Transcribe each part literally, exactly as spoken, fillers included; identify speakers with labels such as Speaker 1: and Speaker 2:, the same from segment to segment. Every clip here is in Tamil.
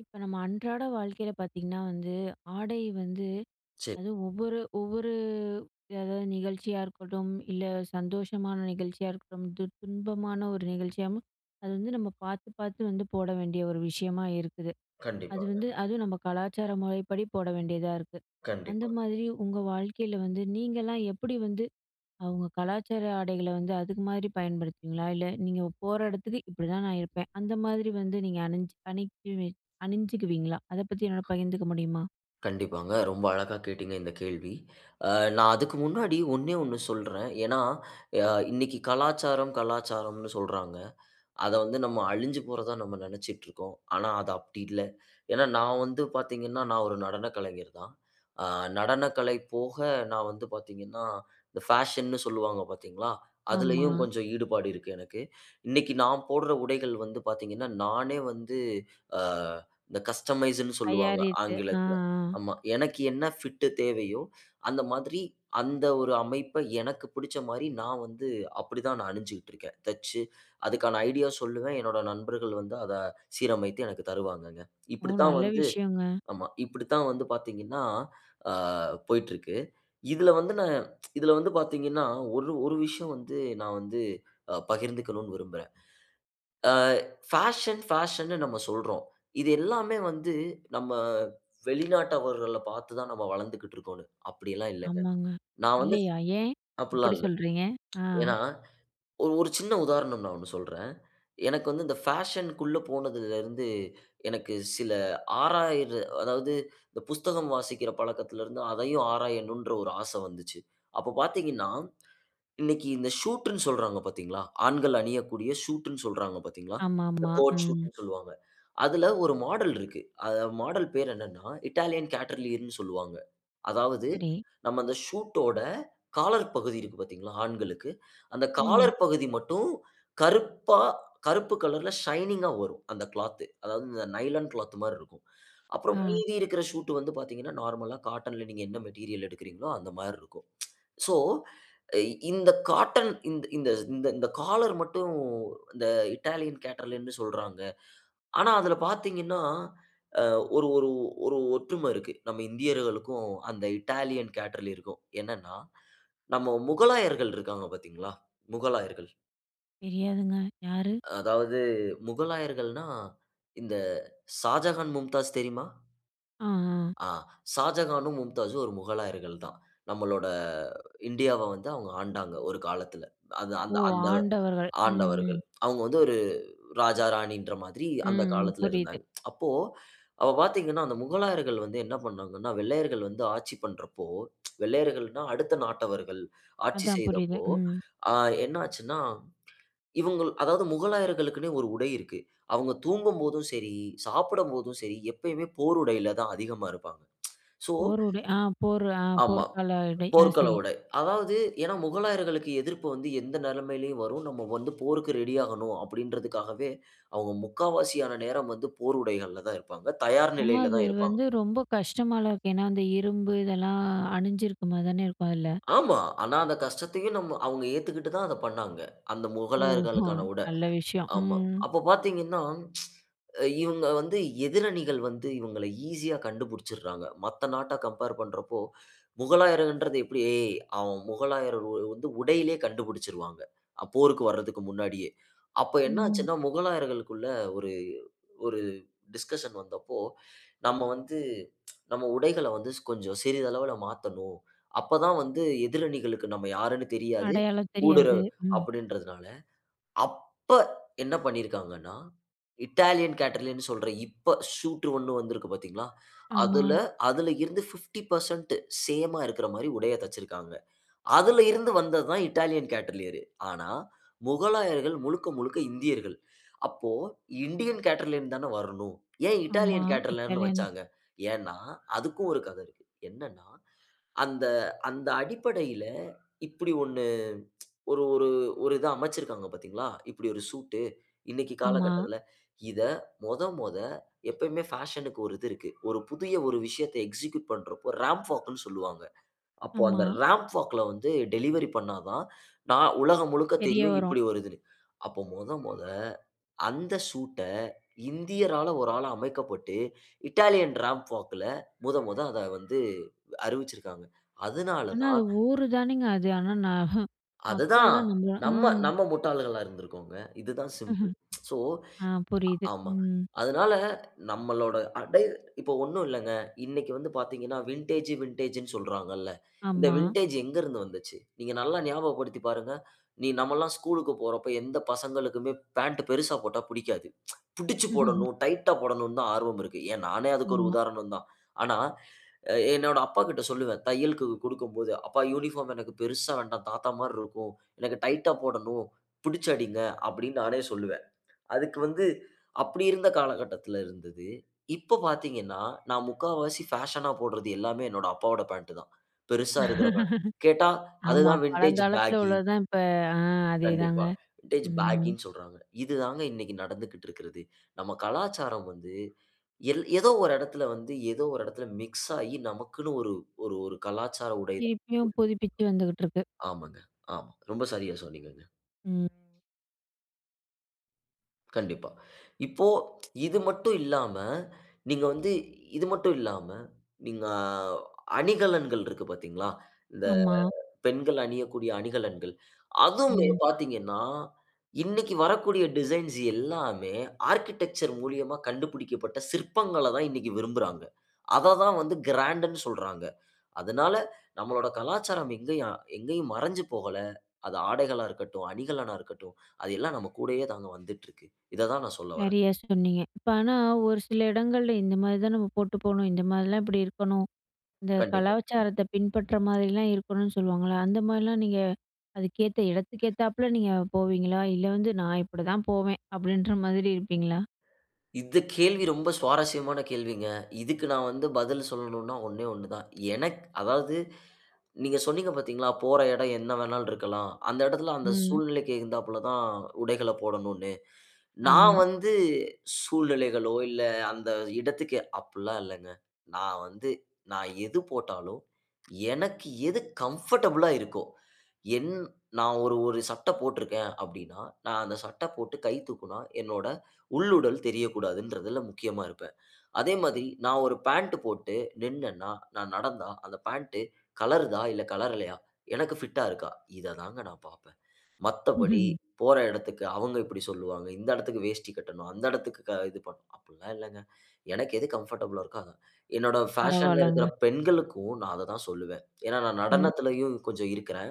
Speaker 1: இப்போ நம்ம அன்றாட வாழ்க்கையில பார்த்தீங்கன்னா வந்து, ஆடை வந்து.
Speaker 2: சேரி.
Speaker 1: அதுவும் ஒவ்வொரு ஒவ்வொரு அதாவது நிகழ்ச்சியா இருக்கட்டும், இல்ல சந்தோஷமான நிகழ்ச்சியா இருக்கட்டும், து துன்பமான ஒரு நிகழ்ச்சியாவும் அது வந்து நம்ம பார்த்து பார்த்து வந்து போட வேண்டிய ஒரு விஷயமா இருக்குது. அது வந்து
Speaker 2: கண்டிப்பாங்க.
Speaker 1: அதுவும் நம்ம கலாச்சார முறைப்படி போட வேண்டியதா இருக்கு. அந்த
Speaker 2: கண்டிப்பா.
Speaker 1: மாதிரி உங்க வாழ்க்கையில வந்து நீங்கலாம் எப்படி வந்து அவங்க கலாச்சார ஆடைகள வந்து அதுக்கு மாரி பயன்படுத்துவீங்களா? இல்ல நீங்க போற இடத்துக்கு இப்டி தான் நான் இருப்பேன் அந்த மாதிரி வந்து நீங்க அணிஞ்சு அணி அணிஞ்சுக்குவீங்களா அத பத்தி என்னால பகிர்ந்துக்க முடியுமா?
Speaker 2: கண்டிப்பாங்க. ரொம்ப அழகா கேட்டீங்க இந்த கேள்வி. ஆ நான் அதுக்கு முன்னாடி ஒன்னே ஒண்ணு சொல்றேன். ஏனா, அ இன்னிக்கு கலாச்சாரம், கலாச்சாரம்னு சொல்றாங்க. அத வந்து நம்ம அழிஞ்சி போறதா நம்ம நினச்சிகிட்டு இருக்கோம். ஆனா, அது அப்டி இல்ல. ஏனா, நான் வந்து பார்த்தீங்கன்னா, நான் ஒரு நடன கலைஞர் தான். ஆ நடனக்கலை போக நான் வந்து பார்த்தீங்கன்னா, இந்த பேஷன்னு சொல்வாங்க பார்த்தீங்களா, அதிலயும்.
Speaker 1: ஆமா.
Speaker 2: கொஞ்சம் ஈடுபாடு இருக்கு எனக்கு. இன்னைக்கு நான் போடுற உடைகள் வந்து பார்த்தீங்கன்னா, நானே வந்து ஆ இந்த கஸ்டமைஸ்னு சொல்வாங்க
Speaker 1: தயாரித்து ஆ
Speaker 2: ஆங்கிலத்துல.
Speaker 1: ஆ.
Speaker 2: ஆமா, எனக்கு என்ன பிட் தேவையோ, அந்த மாதிரி அந்த ஒரு அமைப்ப எனக்கு புடிச்ச மாரி நான் வந்து அப்டி தான் நான் அணிஞ்சிட்டு இருக்கேன் தச்சு. அதுக்கான ஐடியா சொல்லுவேன். என்னுடைய நண்பர்கள் வந்து அத சீரமைத்து எனக்கு தருவாங்கங்க.
Speaker 1: ஓ!
Speaker 2: இப்டி தான்
Speaker 1: நல்ல
Speaker 2: வந்து.
Speaker 1: விஷயங்க.
Speaker 2: ஆமா இப்டித்தான் வந்து பார்த்தீங்கன்னா, ஆ போய்ட்ருக்கு. இதுல வந்து நான் இதுல வந்து பார்த்தீங்கன்னா ஒரு ஒரு விஷயம் வந்து நான் வந்து அ பகிர்ந்துக்கனும்னு விரும்புறேன். ஆ பேஷன் பேஷன்னு நம்ம சொல்றோம். இது எல்லாமே வந்து நம்ம வெளிநாட்டவர்கள பார்த்து தான் நம்ம வளர்ந்துகிட்டு இருக்கோம்னு. அப்படியெல்லாம் இல்லங்க.
Speaker 1: ஆமாங்க.
Speaker 2: நான் வந்து.
Speaker 1: இல்லையா ஏன்? இப்படி
Speaker 2: அப்ட்யெல்லாம் இல்ல.
Speaker 1: சொல்றீங்க? ஆ.
Speaker 2: ஏனா, ஒரு சின்ன உதாரணம் நான் ஒன்னு சொல்றேன். எனக்கு வந்து இந்த பேஷன்‌க்கு உள்ள போனதுல இருந்து எனக்கு சில ஆராயிர அதாவது இந்த புஸ்தகம் வாசிக்கிற பழக்கத்துல இருந்து அதையும் ஆராயணுன்ற ஒரு ஆசை வந்துச்சு. அப்ப பார்த்தீங்கன்னா, இன்னைக்கு இந்த ஷூட்னு சொல்றாங்க பார்த்தீங்களா? ஆண்கள் அணியக்கூடிய ஷூட்னு சொல்றாங்க பார்த்தீங்களா,
Speaker 1: ஆமா
Speaker 2: இந்த
Speaker 1: ஆமா.
Speaker 2: கோட்
Speaker 1: ம்
Speaker 2: ஷூட்னு சொல்வாங்க. அதுல ஒரு மாடல் இருக்கு. மாடல் பெயர் என்னன்னா இட்டாலியன் கேட்டர்லியர்னு சொல்வாங்க. அதாவது,
Speaker 1: சரி.
Speaker 2: நம்ம அந்த ஷூட் ஓட காலர் பகுதி இருக்கு பார்த்தீங்களா, ஆண்களுக்கு அந்த காலர்
Speaker 1: ம்.
Speaker 2: பகுதி மட்டும் கருப்பா கருப்பு கலர்‌ல ஷைனிங்‌ஆ வரும் அந்த கிளாத்து. அதாவது, இந்த நைலான் கிளாத் மாரி இருக்கும். அப்புறம்
Speaker 1: ஆ.
Speaker 2: மீதி இருக்கிற ஷூட் வந்து பார்த்தீங்கன்னா நார்மல்‌ஆ காட்டன்‌ல நீங்க என்ன மெட்டீரியல் எடுக்கிறீங்களோ அந்த மாரி இருக்கும். சோ, இந்த காட்டன் இந்த இந்தந்த காலர் மட்டும் இந்த இட்டாலியன் கேட்டர்லியர்னு சொல்றாங்க. ஆனா, அதுல பார்த்தீங்கன்னா, அ ஒரு ஒரு ஒரு ஒற்றும இருக்கு. நம்ம இந்தியர்களுக்கும், அந்த இட்டாலியன் கேட்டர்லியருக்கும். என்னனா, நம்ம முகலாயர்கள் இருக்காங்க பார்த்தீங்களா? முகலாயர்கள்.
Speaker 1: தெரியாதுங்க யாரு?
Speaker 2: அதாவது, முகலாயர்கள்னா இந்த சாஜகான், மும்தாஜ் தெரியுமா?
Speaker 1: ஆ அ.
Speaker 2: ஆ. ஷாஜகானும், மும்தாஜூம் ஒரு முகலாயர்கள் தான். நம்மளோட இந்தியாவ வந்து அவங்க ஆண்டாங்க. ஒரு காலத்துல. அந்த
Speaker 1: ஓ!
Speaker 2: அந்த அந்த
Speaker 1: ஆண்டவர்கள். ம் ம்.
Speaker 2: ஆண்டவர்கள். அவங்க வந்து ஒரு ராஜா, ராணின்ற மாதிரி அந்த
Speaker 1: ம் ம்
Speaker 2: காலத்துல
Speaker 1: புரியுது.
Speaker 2: இருந்தாங்க. அப்போ, அப்ப பார்த்தீங்கன்னா, அந்த முகலாயர்கள் வந்து என்ன பண்ணாங்கன்னா? வெள்ளையர்கள் வந்து ஆட்சி பண்றப்போ வெள்ளையர்கள்ன்னா அடுத்த நாட்டவர்கள் ஆட்சி
Speaker 1: அதான் புரியுது
Speaker 2: செய்தப்போ,
Speaker 1: ம்.
Speaker 2: அ என்ன ஆச்சுன்னா? இவங்கள் அதாவது முகலாயர்களுக்குன்னே ஒரு உடை இருக்கு. அவங்க தூங்கும்போதும் சரி, சாப்படும்போதும் சரி எப்பயுமே போர் உடையில தான் அதிகமா இருப்பாங்க. சோ
Speaker 1: போர் உடை. ஆ போர் ஆ
Speaker 2: ஆமா,
Speaker 1: போர்க்கால இடை. ஆ
Speaker 2: போ்க்கள
Speaker 1: சரி.
Speaker 2: உடை. அதாவது ஏன்னா, "முகலாயர்களுக்கு எதிர்ப்பு வந்து எந்த நிலைமையிலும் வரும். நம்ம வந்து போருக்கு ரெடி ஆகணும்" அப்படீன்றதுக்காகவே, அவங்க முக்காவாசியான நேரம் வந்து போர் உடைகள்ல தான் இருப்பாங்க. தயார்
Speaker 1: ஆனா,
Speaker 2: நிலையில
Speaker 1: அது
Speaker 2: தான் இருப்பாங்க.
Speaker 1: வந்து ரொம்ப கஷ்டமால்ல இருக்கும். ஏன்னா, அந்த இரும்பு இதெல்லாம் அணிஞ்சிருக்க மாரி தான இருக்கும், அதுல.
Speaker 2: ஆமா. ஆனா, அந்த கஷ்டத்தையும் நம்ம அவங்க ஏத்துகிட்டு தான் அத பண்ணாங்க. அந்த
Speaker 1: ஓஹோ!
Speaker 2: முகலாயர்களுக்கான உடை.
Speaker 1: நல்ல விஷயம்.
Speaker 2: ஆமா.
Speaker 1: ம்
Speaker 2: அப்ப பார்த்தீங்கன்னா, இவங்க வந்து எதிரணிகள் வந்து இவங்கள ஈசியா கண்டுபுடிச்சிறாங்க. மத்த நாட்ட கம்பேர் பண்றப்போ, முகலாயர்கள்ன்றது எப்படி? ஏ அவன் முகலாயர் வ வந்து உடையிலே கண்டுபுடிச்சிருவாங்க. அ போருக்கு வரதுக்கு முன்னாடியே. அப்போ என்ன
Speaker 1: ம்.
Speaker 2: ஆச்சுன்னா, முகலாயர்களுக்குள்ள ஒரு, ஒரு டிஸ்கஷன் வந்த அப்போ, "நம்ம வந்து, நம்ம உடைகள வந்து ஸ் கொஞ்சம் சிறிதளவுல மாத்தணும். அப்ப தான் வந்து எதிரணிகளுக்கு நம்ம யாருன்னு தெரியாது.
Speaker 1: அடையாளம்
Speaker 2: ஊடுற
Speaker 1: தெரியாது, ம்.
Speaker 2: அப்படீன்றதனால" அப்ப என்ன பண்ணியிருக்காங்கன்னா, இட்டாலியன் கேட்டரலியர்னு சொல்ற இப்ப சூட்ரு ஒண்ணு வந்திருக்கு பார்த்தீங்களா?
Speaker 1: ஆமா.
Speaker 2: அதுல அதுல இருந்து, பிஃப்டி பெர்சன்ட் சேமா இருக்குற மாரி உடைய தச்சிருக்காங்க. அதுல இருந்து வந்தது தான் இட்டாலியன் கேட்டலியர்ரு. ஆனா, முகலாயர்கள் முழுக்க முழுக்க இந்தியர்கள். அப்போ இன்டியன் கேட்டரலியர்னு தான வரணும். ஏன்
Speaker 1: ஆமா
Speaker 2: இட்டாலியன் கேட்டரலியர்னு
Speaker 1: இத்தாலியன்.
Speaker 2: வச்சாங்க? ஏன்னா, அதுக்கும் ஒரு கதை இருக்கு. என்னன்னா, அந்த அந்த அடிப்படையில இப்படி ஒண்ணு, ஒரு ஒரு ஒரு இத அமைச்சிருக்காங்க பார்த்தீங்களா? இப்படி ஒரு சூட் இன்னைக்கு
Speaker 1: ஆமா.
Speaker 2: காலகட்டத்துல. இத மொத மொத எப்பயுமே பேஷனுக்கு ஒரு இது இருக்கு. ஒரு புதிய ஒரு விஷயத்த எக்ஸிக்யூட் பண்றப்போ ராம்ப் வாக்குன்னு சொல்லுவாங்க. அப்போ அந்த
Speaker 1: ஆமா.
Speaker 2: ராம்ப் வாக்ல வந்து, டெலிவரி பண்ணா தான், நா உலகம் முழுக்க
Speaker 1: தெரிய
Speaker 2: தெரியும்
Speaker 1: வரும்.
Speaker 2: இப்படி ஒரு இதுன்னு. அப்போ மொத மொத அந்த ஷூட்‌ட இந்தியரால ஒரு ஆள அமைக்கப்பட்டு இட்டாலியன் ராம்ப் வாக்‌ல மொத மொத அத வந்து அறிவிச்சிருக்காங்க. அதுனால
Speaker 1: னா,
Speaker 2: தான்
Speaker 1: அது ஊரு தானேங்க அது. ஆனா ந
Speaker 2: அது தான்.
Speaker 1: மக்கள்லாம் நம்ப
Speaker 2: நம்ம
Speaker 1: ம்.
Speaker 2: நம்ம முட்டாள்களா இருந்திருக்கோங்க. இது தான் சிம்பிள். சோ
Speaker 1: ஆ புரியுது
Speaker 2: ஆமா.
Speaker 1: ம்.
Speaker 2: அதனால, நம்மளோட அடை இப்போ ஒண்ணும் இல்லங்க, இன்னைக்கு வந்து பார்த்தீங்கன்னா, வின்டேஜ் வின்டேஜ்ன்னு சொல்றாங்கள்ல. இந்த
Speaker 1: ஆமா.
Speaker 2: வின்டேஜ் எங்க இருந்து வந்துச்சு. நீங்க நல்லா ஞாபகப்படுத்தி பாருங்க. நீ நம்மல்லாம் ஸ்கூல்‌க்கு போற அப்ப எந்த பசங்களுக்குமே பேண்ட் பெருசா போட்டா புடிக்காது. புடிச்சு போடணும், டைட்‌டா போடணும்ன்னு தான் ஆர்வம் இருக்கு. ஏன் நானே அதுக்கு ஒரு
Speaker 1: ஆமா.
Speaker 2: உதாரணம் தான். ஆனா, அ என்னோட அப்பாகிட்ட சொல்லுவேன் தையலுக்கு குடுக்கும்போது, "அப்பா யூனிபார்ம் எனக்கு பெருசா வேண்டாம், தாத்தா மாரி இருக்கும். எனக்கு டைட்டா போடணும். புடிச்சு அடிங்க." அப்படீன்னு நானே சொல்லுவன். அதுக்கு வந்து அப்படி இருந்த காலகட்டத்துல இருந்தது. இப்ப பார்த்தீங்கன்னா, நான் முக்காவாசி ஃபேஷனா போடுறது எல்லாமே, என்னோட அப்பாவோட பேண்ட் தான். பெருசா இருக்கிற பாண்ட். கேட்டா அது
Speaker 1: ஆமா
Speaker 2: தான் வின்டேஜ்
Speaker 1: பழங்காலத்துல
Speaker 2: பேகி.
Speaker 1: உள்ளது தான் இப்ப ஆ அதேதாங்க.
Speaker 2: கண்டிப்பா. வின்டேஜ்
Speaker 1: ம்
Speaker 2: பேகின்னு சொல்றாங்க. இது தாங்க இன்னைக்கு நடந்துக்கிட்டுருக்கிறது. நம்ம கலாச்சாரம் வந்து எல் ஏதோ ஒரு இடத்துல வந்து, ஏதோ ஒரு இடத்தில மிக்ஸ் ஆயி நமக்குன்னு ஒரு ஒரு ஒரு கலாச்சார உடையதான்
Speaker 1: திருப்பியும்
Speaker 2: உடுத்திகிட்டுருக்கோம்.
Speaker 1: புதுப்பித்து வந்துகிட்டுருக்கு.
Speaker 2: ஆமாங்க, ஆமா. ரொம்ப சரியா சொன்னீங்கங்க.
Speaker 1: ம்.
Speaker 2: கண்டிப்பா. இப்போ ப்ச் இது மட்டும் இல்லாம, நீங்க வந்து இது மட்டும் இல்லாம, நீங்க அ-அணிகலன்கள் இருக்கு பாத்தீங்களா? இந்த
Speaker 1: ஆமா.
Speaker 2: பெண்கள் அணியக்கூடிய அணிகலன்கள். அதுவுமே
Speaker 1: ம்.
Speaker 2: பாத்தீங்கனா, இன்னைக்கு வரக்கூடிய டிசைன்ஸ் எல்லாமே, ஆர்க்கிடெக்சர் மூலியமா கண்டுபிடிக்கப்பட்ட சிற்பங்கள தான் இன்னைக்கு விரும்புறாங்க. அத தான் வந்து கிராண்டு னு சொல்றாங்க. அதுனால, நம்மளோட கலாச்சாரம் எங்கேயும் எங்கேயும் மறைஞ்சு போகல. அது ஆடைகளா இருக்கட்டும், அணிகலனா இருக்கட்டும், அது எல்லாம் நம்ம கூடயே தாங்க வந்துட்ருக்கு. இத தான் நான் சொல்ல வர்றேன்.
Speaker 1: சரியா சொன்னீங்க. இப்ப ஆனா ஒரு சில இடங்கள்ல இந்த மாரி தான் நம்ம போட்டு போணும். இந்த மாரிலாம் இப்புடி இருக்கணும். இந்த
Speaker 2: கண்டிப்பா.
Speaker 1: கலாச்சாரத்த பின்பற்ற மாரிலாம் இருக்கணுன்னு சொல்லுவாங்கல்ல? அந்த மாரிலாம் நீங்க அதுக்கேத்த இடத்துக்கேத்தாப்புல நீங்க போவீங்களா? இல்ல வந்து "நான் இப்படிதான் போவேன்" அப்படின்ற மாரி இருப்பீங்களா?
Speaker 2: இந்த கேள்வி ரொம்ப சுவாரஸ்யமான கேள்விங்க. இதுக்கு நான் வந்து பதில் சொல்லணுன்னா ஒண்ணே ஒண்ணு தான். எனக்கு அதாவது நீங்க சொன்னீங்க பாத்தீங்களா? போற இடம் என்ன வேணாலும் இருக்கலாம். அந்த எடத்ல அந்த
Speaker 1: ம்.
Speaker 2: சூழ்நிலைக்கு எகிந்தாப்ல தான் உடைகளப் போடணுன்னு. நான்
Speaker 1: ஆமா.
Speaker 2: வந்து சூழ்நிலைகளோ இல்ல அந்த இடத்துக்கு அப்புட்ல்லாம் இல்லங்க. நான் வந்து நான் எது போட்டாலும் எனக்கு எது கம்ஃபர்டபிளா இருக்கோ, என் நான் ஒரு ஒரு சட்ட போட்ருக்கேன் அப்டினா, நான் அந்த சட்ட போட்டு கை தூக்குனா என்னோட உள்ளுடல் தெரியக்கூடாதுன்றதுல முக்கியமா இருப்பேன். அதே மாதி நான் ஒரு பேண்ட்டு போட்டு நின்னன்னா நான் நடந்தா அந்த பேண்ட்டு கலருதா? இல்ல கலரலையா? எனக்கு ஃபிட்‌டா இருக்கா? இத தாங்க நான் பாப்பேன். மத்தபடி போற இடத்துக்கு அவுங்க இப்புடி சொல்லுவாங்க, இந்த எடத்துக்கு வேஷ்டி கட்டணும், அந்த இடத்துக்கு க இது பண்ணணும், அப்புல்லாம் இல்லங்க! எனக்கு எது கம்ஃபர்டபிளா இருக்கோ, அதான். என்னோட ஃபேஷன்‌ல இருக்குற
Speaker 1: பரவால்லங்க.
Speaker 2: பெண்களுக்கும் நான் அத தான் சொல்லுவேன். ஏன்னா நான்
Speaker 1: ம்.
Speaker 2: நடனத்திலயும் கொஞ்சம் இருக்குறேன்.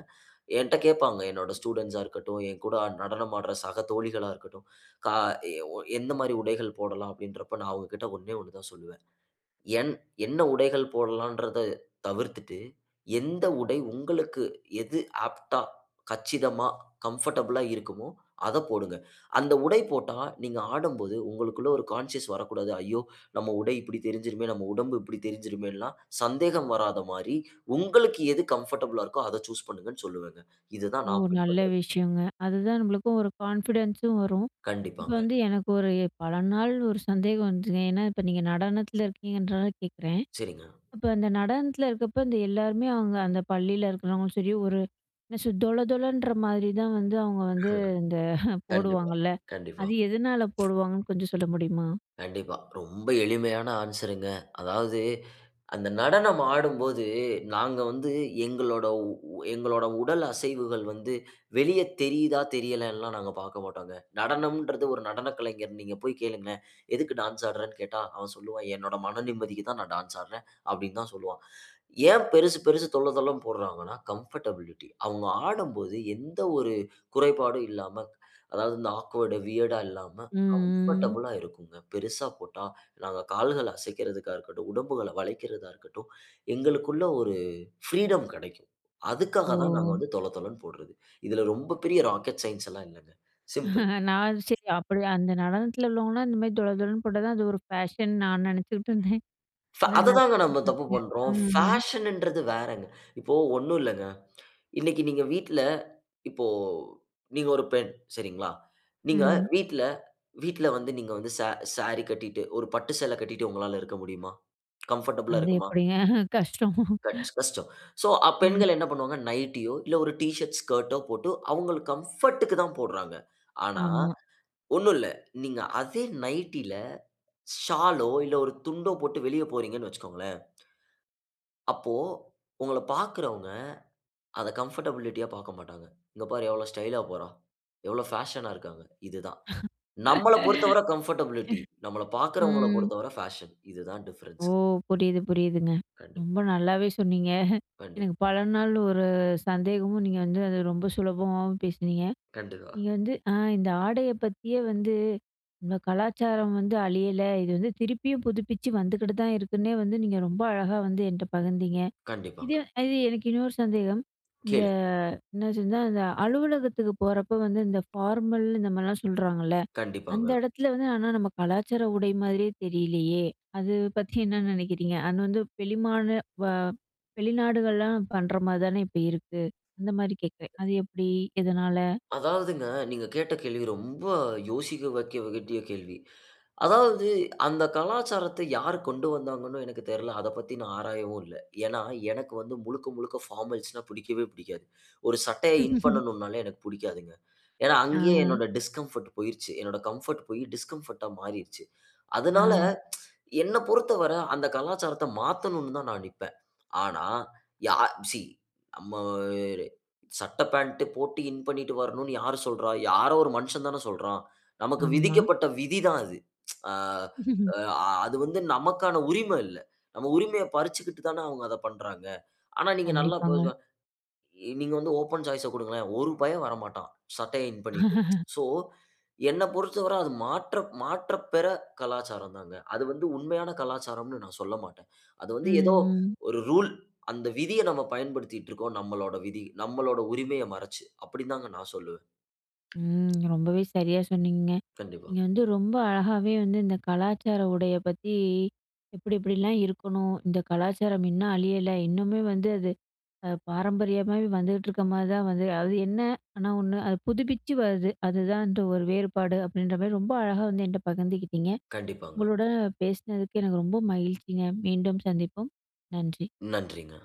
Speaker 2: என்ட்ட கேட்பாங்க, என்னோட ஸ்டூடண்ட்ஸா இருக்கட்டும், என் கூட நடனம் ஆடுற சக தோழிகளா இருக்கட்டும், க எ ஒ "எந்த மாரி உடைகள் போடலாம்?" அப்டின்றப்ப நான் அவுங்ககிட்ட ஒண்ணே ஒண்ணு தான் சொல்லுவேன். என் என்ன உடைகள் போடலான்றத தவிர்த்துட்டு, எந்த உடை உங்களுக்கு எது ஆப்ட்‌டா, கச்சிதமா, கம்ஃபர்டபிளா இருக்குமோ, அத போடுங்க. அந்த உடை போட்டா, நீங்க ஆடும்போது உங்களுக்குள ஒரு கான்ஷியஸ் வரக்கூடாது. ஐயோ! நம்ம உடை இப்படி தெரிஞ்சுருமே, நம்ம உடம்பு இப்படி தெரிஞ்சுருமேன்ல்லாம் சந்தேகம் வராத மாரி, உங்களுக்கு எது கம்ஃபர்டபிளா இருக்குதோ, அத சூஸ் பண்ணுங்கனு சொல்லுவேங்க. இத தான்
Speaker 1: ஓ!
Speaker 2: நான்
Speaker 1: நல்ல
Speaker 2: பின்பற்றுறது.
Speaker 1: விஷயங்க. அதுதான் நம்பளுக்கும் ஒரு கான்ஃபிடன்ஸ் உம் வரும். இப்ப
Speaker 2: கண்டிப்பாங்க.
Speaker 1: வந்து எனக்கு ஒரு எ பல நாள் ஒரு சந்தேகம் வந்துதுங்க. ஏன்னா இப்ப நீங்க நடனத்தில இருக்கீங்கன்றனால கேக்குறேன்.
Speaker 2: சரிங்க.
Speaker 1: இப்ப அந்த நடனத்தில இருக்கப்ப இந்த எல்லாருமே அவுங்க அந்த பள்ளியில இருக்கிறவங்களும் சரி, ஒரு என்ன சொல் தொல தொலன்ற மாதிரி தான் வந்து அவுங்க வந்து இந்த
Speaker 2: கண்டிப்பா,
Speaker 1: போடுவாங்கல்ல?
Speaker 2: கண்டிப்பா.
Speaker 1: அது எதுனால போடுவாங்கன்னு கொஞ்சம் சொல்ல முடியுமா?
Speaker 2: கண்டிப்பா. ரொம்ப எளிமையான ஆன்ஸருங்க. அதாவது அந்த நடனம் ஆடும்போது, நாங்க வந்து எங்களோட உ எங்களோட உடல் அசைவுகள் வந்து வெளிய தெரியிதா? தெரியலன்லாம் நாங்க பாக்க மாட்டோங்க. நடனம்ன்றது ஒரு நடன கலைஞர் நீங்க போய் கேளுங்களேன். எதுக்கு டான்ஸ் ஆடுறன்னு கேட்டா, அவன் சொல்லுவான் "என்னோட மன நிம்மதிக்கு தான் நான் டான்ஸ் ஆடுறேன்." அப்டினு தான் சொல்லுவான். ஏன் பெரிசு பெரிசு தொள்ள தொளன்னு போடுறாங்கனா கம்ஃபர்டபிலிட்டி அவுங்க ஆடும்போது எந்த ஒரு குறைபாடும் இல்லாம, அதாவது இந்த ஆக்வர்ட்டு வியர்டு ஆ இல்லாம,
Speaker 1: ம் ம்,
Speaker 2: கம்ஃபர்டபிளா இருக்குங்க. பெரிசா போட்டா, நாங்க கால்கள அசைக்குறதுக்கா இருக்கட்டும், உடம்புகள வளைக்கிறதா இருக்கட்டும். எங்களுக்குள்ள ஒரு ஃபிரீடம் கிடைக்கும். அதுக்காக தான் நாங்க
Speaker 1: ஓ.
Speaker 2: வந்து தொல தொலனு போட்றது. இதில ரொம்ப பெரிய ராக்கெட் சயன்ஸ் லாம் இல்லங்க. சிம்பிள்.
Speaker 1: நான் சரி அப்டி அந்த நடனத்தில உள்ளவங்கலாம் இந்த மாதி தொள தொளன்னு போட்டா தான் அது ஒரு ஃபேஷன் நான் நினச்சுக்கிட்டு இருந்தேன்.
Speaker 2: ஃப்ப அத
Speaker 1: ஏன்னா.
Speaker 2: தான் நம்ம தப்பு
Speaker 1: [unintelligible]
Speaker 2: பண்றோம்.
Speaker 1: ம் ம்.
Speaker 2: ஃபேஷன் ன்றது வேறங்க. இப்போ ஒண்ணுல்லங்க. இன்னைக்கு நீங்க வீட்ல இப்போ நீங்க ஒரு பெண் சரிங்களா? நீங்க
Speaker 1: ம்.
Speaker 2: வீட்ல வீட்ல வந்து, நீங்க வந்து சா ஸாரி கட்டிட்டு ஒரு பட்டு சேல கட்டிட்டு உங்களால இருக்க முடியுமா? கம்ஃபர்டபிள் ஆ
Speaker 1: அது
Speaker 2: இருக்குமா?
Speaker 1: எப்டிங்க? கஷ்டம்.
Speaker 2: கச் கஷ்டம். சோ ஆ
Speaker 1: ம்.
Speaker 2: பெண்கள் என்ன பண்ணுவாங்க? நைட்டியோ, இல்ல ஒரு ஷர்ட், ஸ்கர்டோ, போட்டு அவுங்களுக் கம்ஃபோர்ட்‌ க்கு தான் போடுறாங்க. ஆனா
Speaker 1: ஆமா.
Speaker 2: ஒண்ணும்ல்ல. நீங்க அதே நைட்டில ஷாலோ, இல்ல ஒரு துண்டோ போட்டு வெளிய போறீங்கனு வைச்சுக்கொங்களேன், அப்போ உங்கள பாக்கிறவங்க அத கம்ஃபர்டபிலிட்டி யா பாக்க மாட்டாங்க. இங்க பாரு எவ்வளோ ஸ்டைலா போறா? எவ்வளவு பேஷனா இருக்காங்க? இது தான். நம்மளப் பொறுத்தவர கம்ஃபர்டபிலிட்டி. நம்மளப் பாக்கிறவங்கள
Speaker 1: ம்.
Speaker 2: பொறுத்தவர ஃபேஷன். இது தான்
Speaker 1: ஓ!
Speaker 2: டிஃபரன்ஸ்
Speaker 1: புரியுது புரியுதுங்க.
Speaker 2: கண்டிப்
Speaker 1: ரொம்ப நல்லாவே சொன்னீங்க
Speaker 2: கண்டிப்
Speaker 1: எனக்கு பல நாள் ஒரு சந்தேகமும் நீங்க வந்து அது ரொம்ப சுலபமாவும் பேசுனிங்க.
Speaker 2: கண்டிப்பா.
Speaker 1: நீங்க வந்து ஆ! இந்த ஆடைய பத்தியே வந்து இந்த கலாச்சாரம் வந்து அழியல. இது வந்து திருப்பியும் புதுப்பிச்சு வந்துக்கிட்டு தான் இருக்குன்னே வந்து நீங்க ரொம்ப அழகா வந்து என்ட்ட பகிர்ந்தீங்க. இது
Speaker 2: கண்டிப்பாங்க.
Speaker 1: அ இது எனக்கு இன்னொரு சந்தேகம். இந்த
Speaker 2: கேளுங்
Speaker 1: என்னாச்சுன்னா இந்த அலுவலகத்துக்கு போறப்போ வந்து இந்த ஃபார்மல் இந்த மாரிலாம் சொல்றாங்கல்ல? அந்த
Speaker 2: கண்டிப்பாங்க.
Speaker 1: இடத்ல வந்து ஆனா நம்ம கலாச்சார உடை மாதிரியே தெரியலையே? அது பத்தி என்ன நெனைக்கிறீங்க? அநு வந்து பெலிமான
Speaker 2: ம்.
Speaker 1: வா வெளிநாடுகள்லாம்
Speaker 2: [unintelligible]
Speaker 1: பண்ற மாரி தானே இப்ப இருக்கு! அந்த மாரி கேக்குறேன். அது எப்டி? எதனால?
Speaker 2: அதாவதுங்க, நீங்க கேட்ட கேள்வி ரொம்ப யோசிக்க வகட்டிய கேள்வி. அதாவது அந்த கலாச்சாரத்த யார் கொண்டு வந்தாங்கன்னும் எனக்கு தெர்ல்ல. அத பத்தி நான் ஆராயவும் இல்ல. ஏன்னா எனக்கு வந்து முழுக்க, முழுக்க பார்மல்ஸ் னா, புடிக்கவே புடிக்காது. ஒரு சட்டைய இன் பண்ணனும்னாலே எனக்கு புடிக்காதுங்க. ஏன்னா, அங்கயே
Speaker 1: ஆ.
Speaker 2: என்னுடைய டிஸ்கம்ஃபர்ட் போய்றுச்சி. என்னோட கம்ஃபர்ட் போயி, டிஸ்கம்ஃபர்ட்‌ டா, மாறிர்ச்சி. அதனால
Speaker 1: ஆ.
Speaker 2: என்ன பொறுத்தவர அந்த கலாச்சாரத்த மாத்தணுன்னு தான் நான் நிப்பேன். ஆனா, யார் ஸீ நம்ம வேர சட்டை பேண்ட்டு போட்டு இன் பண்ணீட்டு வரணுன்னு யார் சொல்றா? யாரோ ஒரு மனுஷன் தானே சொல்றான்! நமக்கு
Speaker 1: ஆமா.
Speaker 2: விதிக்கப்பட்ட விதி தான் அது. ஆ அ அது வந்து நமக்கான உரிம இல்ல. நம்ம உரிமைய பறிச்சுக்கிட்டு தானே அவுங்க அத பண்றாங்க. ஆனா நீங்க நல்லா
Speaker 1: கண்டிப்பாங்க.
Speaker 2: [unintelligible] நீங்க வந்து ஓப்பன் சாய்ஸ் ஆ குடுங்களேன். ஒரு பய வரமாட்டான். சட்டைய இன் பண்ணீட்டு. ஸோ, என்ன பொறுத்தவர அது மாற்ற மாற்றப் பெற கலாச்சாரம் தான்ங்க. அது வந்து உண்மையான கலாச்சாரம்னு நான் சொல்லமாட்டேன். அது
Speaker 1: ம்
Speaker 2: வந்து ஏதோ
Speaker 1: ம்.
Speaker 2: ஒரு ரூல் அந்த விதிய நாம் பயன்படுத்திட்ருக்கோம். நம்மளோட விதி நம்மளோட உரிமைய மறைச்சு, அப்டின் தான்ங்க நான் சொல்லுவேன்.
Speaker 1: ம். ரொம்பவே சரியா சொன்னீங்கங்க.
Speaker 2: கண்டிப்பா.
Speaker 1: நீங்க வந்து ரொம்ப அழகாவே வந்து இந்த கலாச்சார உடைய பத்தி எப்படி எப்படிலாம் இருக்கணும்? இந்த கலாச்சாரம் இன்னும் அழியல. இன்னுமே வந்து அது அ பாரம்பரியமாவே வந்துகிட்டு இருக்க மாரி தான் வந்து அது என்ன? ஆனா ஒண்ணு, "அது புதுப்பிச்சு வருது. அதுதான் அந்த ஒரு வேறுபாடு" அப்படின்ற மாரி ரொம்ப அழகா வந்து என்ட்ட பகிர்ந்துக்கிட்டிங்க.
Speaker 2: கண்டிப்பாங்க.
Speaker 1: உங்களுட, பேசுனதுக்கு எனக்கு ரொம்ப மகிழ்ச்சிங்க. மீண்டும் சந்திப்போம். நன்றி.
Speaker 2: நன்றிங்க.